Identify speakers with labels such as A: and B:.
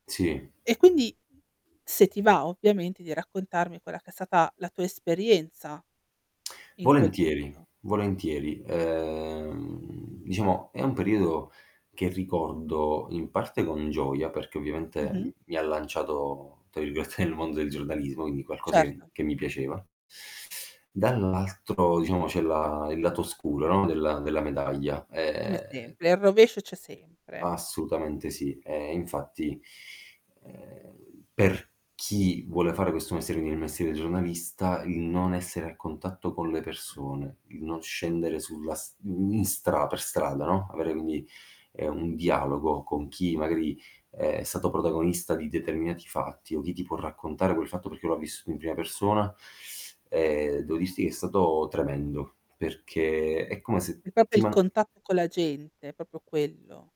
A: Sì.
B: E quindi se ti va, ovviamente, di raccontarmi quella che è stata la tua esperienza in quel
A: Volentieri,
B: periodo.
A: volentieri. Uhm, diciamo, è un periodo che ricordo in parte con gioia, perché
B: Mh-mh.
A: ovviamente mi ha "lanciato" tra virgolette nel mondo del giornalismo, quindi qualcosa che
B: Certo.
A: che mi piaceva. Dall'altro, diciamo, c'è la il lato oscuro, no, della della medaglia.
B: Come
A: Ehm
B: sempre. Eh, il rovescio c'è sempre.
A: Assolutamente, sì. E infatti, ehm, per chi vuole fare questo mestiere, quindi il mestiere giornalista, il non essere a contatto con le persone, il non scendere sulla s i i in stra per strada, no, avere quindi, ehm, un dialogo con chi, magari, uhm, è stato protagonista di determinati fatti o chi ti può raccontare quel fatto perché lo ha visto in prima persona, ehm, devo dirti che è stato tremendo. Perché è come se
B: È proprio
A: ti
B: il
A: man
B: contatto con la gente, è proprio quello.